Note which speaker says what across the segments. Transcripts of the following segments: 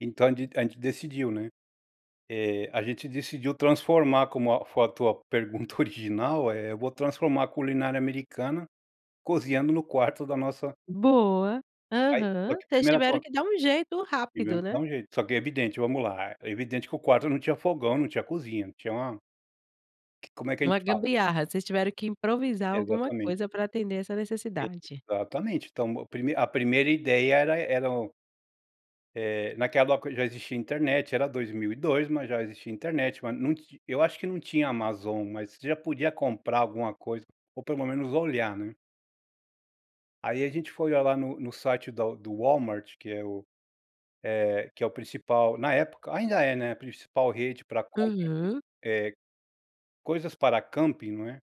Speaker 1: Então de a gente decidiu, né, eh, a gente decidiu transformar como a foto a pergunta original, eh, eu vou transformar a culinária americana, cozinhando no quarto da nossa
Speaker 2: Boa,
Speaker 1: Aí, só
Speaker 2: aham,
Speaker 1: que a
Speaker 2: vocês
Speaker 1: primeira
Speaker 2: tiveram
Speaker 1: coisa
Speaker 2: que dar um jeito
Speaker 1: Tivemos
Speaker 2: rápido,
Speaker 1: que
Speaker 2: né?
Speaker 1: dar um jeito, só que é evidente vamos lá, é evidente que o quarto não tinha fogão, não tinha cozinha, não tinha uma Como é que a
Speaker 2: Uma
Speaker 1: gente fala?
Speaker 2: gambiarra, vocês tiveram que improvisar alguma
Speaker 1: Exatamente.
Speaker 2: coisa pra atender essa necessidade?
Speaker 1: Exatamente, então meu primei a primeira ideia era eram Eh, naquela época já existia internet, era 2002, mas já existia internet, mas num ti eu acho que não tinha Amazon, mas você já podia comprar alguma coisa, ou pelo menos olhar, né? Aí a gente foi olhar lá no no site da do Walmart, que é o eh, que é o principal, na época ainda é, né, a principal rede pra compra de
Speaker 2: Uhum.
Speaker 1: eh ,coisas pra camping, não é.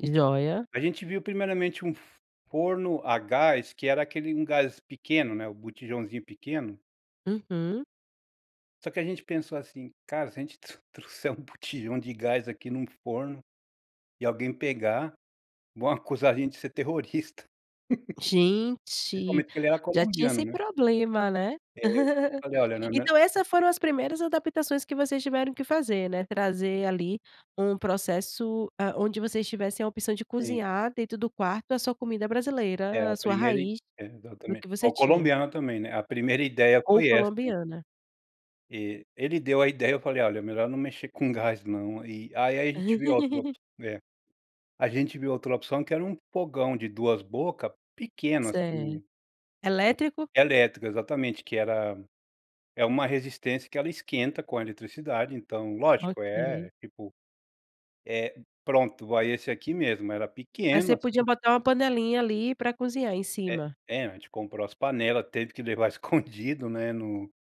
Speaker 2: Joia.
Speaker 1: A gente viu primeiramente um f forno a gás que era aquele um gás pequeno, né, o botijãozinho pequeno.
Speaker 2: Uhum.
Speaker 1: Só que a gente pensou assim: "Cara, se a gente tru trouxer um botijão de gás aqui em num forno, e alguém pegar, vão acusar a gente de ser terrorista.
Speaker 2: Gente,
Speaker 1: Principalmente porque ele era
Speaker 2: já tinha
Speaker 1: colombiano,
Speaker 2: esse
Speaker 1: né.
Speaker 2: problema, né.
Speaker 1: É, eu falei: "Olha, não é me
Speaker 2: Então essa foram as primeiras adaptações que vocês tiveram que fazer, né, trazer ali um processo, ah, onde vocês tivessem a opção de
Speaker 1: Sim.
Speaker 2: cozinhar dentro do quarto a sua comida
Speaker 1: É,
Speaker 2: brasileira,
Speaker 1: a
Speaker 2: a sua
Speaker 1: primeira e
Speaker 2: raiz,
Speaker 1: é,
Speaker 2: do
Speaker 1: exatamente,
Speaker 2: que você
Speaker 1: ao
Speaker 2: tinha.
Speaker 1: colombiano também, né, a primeira ideia
Speaker 2: Ou
Speaker 1: foi essa.
Speaker 2: colombiana.
Speaker 1: E ele deu a ideia, eu falei: "Olha, é melhor não mexer com gás não", e aí, a a gente viu outra opção é, a gente viu outra opção que era um fogão de 2 boca, pequeno
Speaker 2: Certo,
Speaker 1: assim,
Speaker 2: elétrico?
Speaker 1: elétrico, exatamente, que era é uma resistência que ela esquenta com a eletricidade, então lógico, é
Speaker 2: Ok.
Speaker 1: é tipo, é pronto vai esse aqui mesmo, era
Speaker 2: Mas você
Speaker 1: pequeno
Speaker 2: podia
Speaker 1: assim.
Speaker 2: botar uma panelinha ali pra cozinhar em
Speaker 1: É
Speaker 2: cima?
Speaker 1: é mas a gente comprou as panela, teve que levar escondido né, no